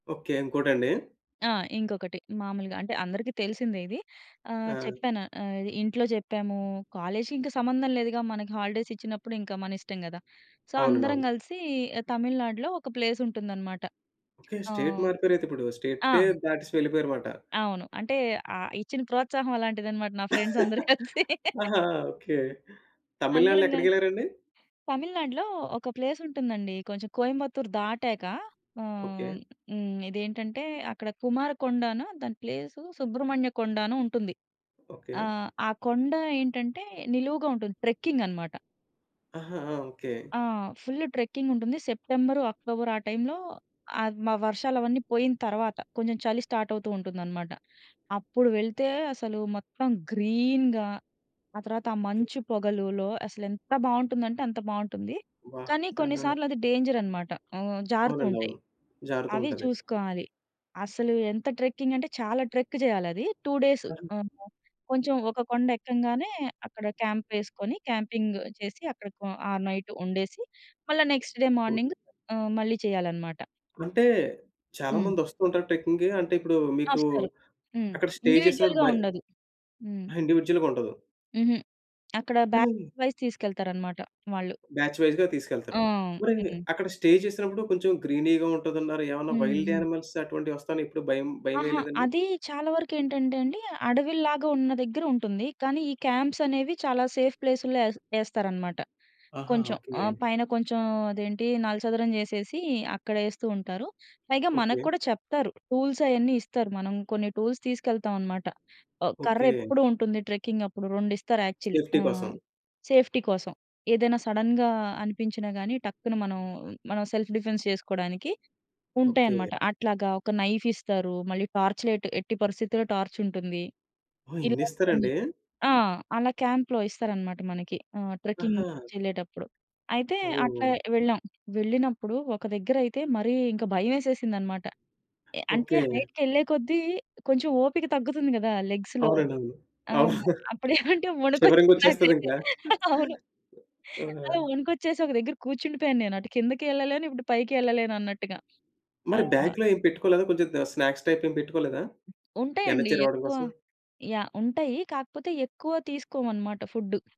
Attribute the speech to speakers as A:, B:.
A: Okay. ఇంకోటండి.
B: ఆ! ఇంకొకటి మామూలుగా అంటే అందరికి తెలిసిందే ఇది. ఆహ్,
A: ఆ!
B: చెప్పాను ఆహ్, ఇంట్లో చెప్పాము. కాలేజికి ఇంక సంబంధం లేదుగా మనకి హాలిడేసిచ్చినప్పుడు ఇంక మనిష్టం గదా! సో,
A: అవునండి.
B: అందరం
A: అవును.
B: గలిసి తమిళనాడులో ఒక ప్లేసుంటుందనమాట.
A: ఓకే. స్టేట్
B: ఆహ్,
A: మారిపోయారయితే ఇప్పుడు.
B: ఆ!
A: స్టేటే దాటేసి వెళ్ళిపోయారు మాట.
B: అవును. అంటే ఆహ్, ఇచ్చిన ప్రోత్సాహం అలాంటిదనమాట. నా ఫ్రెండ్సందరూ కలిసి.
A: ఆహా! ఓకే. తమిళనాడులో
B: అందరం గల్
A: ఎక్కడికెళ్లారండి.
B: తమిళనాడులో ఒక ప్లేసుంటుందండి. కొంచెం కోయంబత్తూరు దాటాక
A: ఓకే.
B: ఆహ్, హ్మ్. ఇదేంటంటే అక్కడ కుమారకొండనో దాని ప్లేసు సుబ్రహ్మణ్య కొండనో ఉంటుంది.
A: ఓకే.
B: ఆహ్, ఆ కొండ ఏంటంటే, నిలువుగా ఉంటుంది ట్రెక్కింగనమాట.
A: ఆహా! ఆ! ఓకే.
B: ఆ! ఫుల్లు ట్రెక్కింగుంటుంది. సెప్టెంబరు, అక్టోబర్ ఆ టైంలో అద్ మ వర్షాలు అవన్నీ పోయిన తర్వాత కొంచెం చలి స్టార్ట్ అవుతూ ఉంటుందనమాట. అప్పుడు వెళ్తే అసలు మొత్తం గ్రీన్‌గా. ఆ తర్వాత ఆ
A: ఓకే.
B: మంచు పొగలులో అసలెంత బావుంటుందంటే అంత బావుంటుంది.
A: వాహ్!
B: కానీ
A: ఆ!
B: కొన్నిసార్లు అది డేంజరనమాట. ఆహ్,
A: అవునండి.
B: జారుతూంటాయి.
A: అవును.
B: అవి
A: జారుతూంటది.
B: చూసుకోవాలి. అసలు ఎంత ట్రెక్కింగంటే చాలా ట్రెక్ జేయాలది. 2 డేసు
A: [unintelligible]
B: ఆ! కొంచెం ఒక కొండెక్కంగానే అక్కడ క్యాంపేసుకుని క్యాంపింగ్ చేసి, అక్కడ కొ ఆ నైటు ఉండేసి, మళ్ళా నెక్స్ట్ డే
A: ఓకే.
B: మార్నింగ్ ఆహ్, మళ్ళీ చేయాలనమాట.
A: అంటే, చాలా
B: హ్మ్.
A: మంది వస్తూంటారు ట్రెక్కింగ్‌కి. అంటే ఇప్పుడు మీకూ
B: వస్తారు. హ్మ్.
A: అక్కడ స్టే చేసినప్పుడు
B: ఇండివిడ్యుయల్‌గా
A: భయ
B: ఉండదు. హ్మ్.
A: ఆ! ఇండివిడ్యుయల్‌గుండదు.
B: హుహు. అక్కడ బ్యాచ్
A: కానీ
B: వైస్ తీసుకెళ్తారనమాట వాళ్ళు.
A: బ్యాచ్ వైస్‌గా
B: ఆ!
A: తీసుకెళ్తారు. మరీ,
B: హ్మ్.
A: అక్కడ స్టే చేసినప్పుడు కొంచెం గ్రీనీగా ఉంటదన్నారు. ఏవన్నా
B: హ్మ్.
A: వైల్డ్
B: హ్మ్.
A: యానిమల్స్ అటువంటివొస్తాయని ఎప్పుడు భయం
B: ఆహా!
A: భయమేయలేదండి?
B: అది చాలా వరకేంటంటే అండి, అడవిల్లాగా ఉన్న దగ్గర ఉంటుంది. కానీ ఈ క్యాంప్స్ అనేవి చాలా సేఫ్ ప్లేసులో యేస్ యేస్తారనమాట.
A: ఆహా!
B: కొంచెం
A: ఓకే.
B: ఆహ్, పైన కొంచెం అదేంటి నలచదరం జేసేసి అక్కడేస్తూంటారు. పైగా మనకు
A: ఓకే.
B: కూడా చెప్తారు టూల్స్ అయన్నీ ఇస్తారు. మనం కొన్ని టూల్స్ తీసుకెళ్తాం అనమాట. ఆహ్, కర్ర
A: ఓకే.
B: ఎప్పుడూ ఉంటుంది ట్రెక్కింగప్పుడు. రెండిస్తారు యాక్చువల్లీ
A: సేఫ్టీ
B: ఆహ్,
A: కోసం.
B: సేఫ్టీ కోసం. ఏదైనా సడెన్‌గా అనిపించినా గానీ, టక్కున మనం మనం సెల్ఫ్ డిఫెన్స్ చేసుకోడానికి ఉంటాయనమాట.
A: ఓకే.
B: అట్లాగా ఒక నైఫిస్తారు. మళ్ళీ టార్చ్ లైట్ ఎట్టి పరిస్థితిలో టార్చుంటుంది.
A: ఓహ్!
B: ఇలాగ కొన్ని
A: ఇన్నిస్తరండి!
B: ఆ! అలా క్యాంప్‌లో ఇస్తారనమాట మనకి. ఆహ్, ట్రెక్కింగ్
A: ఆహా!
B: నుంచెళ్ళేటప్పుడు అయితే అట్లా
A: ఓహ్!
B: వెళ్ళాం. వెళ్ళినప్పుడు ఒక దగ్గర అయితే మరీ ఇంకా భయమేసేసిందనమాట. అ అంటే
A: ఓకే.
B: హైట్‌కెళ్ళే కొద్దీ కొంచెం ఓపిక తగ్గుతుంది కదా! లెగ్స్‌లో.
A: అవునండి. అవును.
B: ఆ!
A: అవునా?
B: అప్పుడేవంటే వణుకొచ్చిసింది నాకైతే.
A: షివరింగొచ్చేస్తదింకా.
B: అవును.
A: ఆ!
B: అలా వణుకొచ్చేసొక దగ్గర కూర్చుండిపోయాను. నేనటు కిందకి యెళ్ళలేను. ఇప్పుడు పైకి యెళ్ళలేనన్నట్టుగా. ఆ!
A: మరి బ్యాగు‌లో ఏం పెట్టుకోలేదా కొంచెం ద స్నాక్స్ టైపేమి పెట్టుకోలేదా?
B: ఉంటాయండి.
A: ఎనర్జీ రావడం
B: ఎక్కువ
A: కోసం.
B: యాహ్! ఉంటాయి. కాకపోతే ఎక్కువ తీసుకోమనమాట ఫుడ్డు.